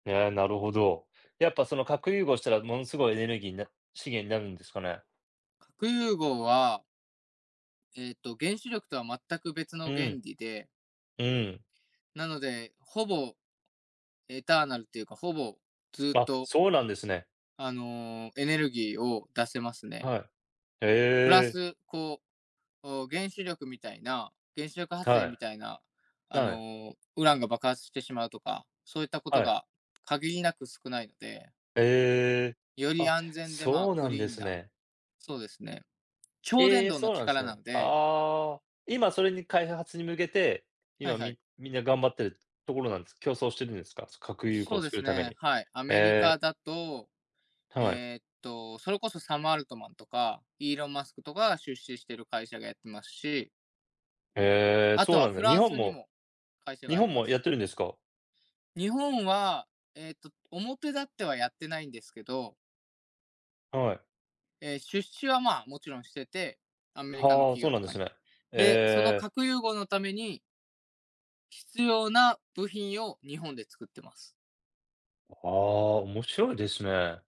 へえ、なるほど。やっぱその、核融合したらものすごいエネルギーな資源なるんですかね？核融合はええと、原子力とは全く別うの原ん。理でうん。なので、ほぼ、エターナルっていうか、ほぼずっあ、とそうなんですね。あのお、エネルギーを出せますね。はい。プラええ。ス、こう、お原子力みたいな、原子力発は電みたい。いな、あはい。の、ウランが爆発してしまうとか、そういったことはい。が限りなく少ない、でええ、よりあ、安全で、まあ、そうなクんリでーンすなね。そうですね、超伝ええ！導のそうなんす力なね。んでああ、今それに、開発に向けて、はい今はい。みみんな頑張ってるところなん競争してるんですか？つ核融そ合うで作するためね、に。はい、アメリえカえ。だと、はい。えっと、それこそサム・アルトマンとか、イーロン・マスクとかが出資してる会社がやってますしええ、あそとうはなんフだ。日ラン本スにもも会社が日あり本まもす。やってるんですか？日本は、えっと、表立ってはやってないんですけどはい。ええ、出資はまあ、もちろんしてて、アメリカのはあ、企そう業なんとでかすに。ね。で、そのええ。核融合のために必要な部品を日本で作ってます。はあ、面白いですね。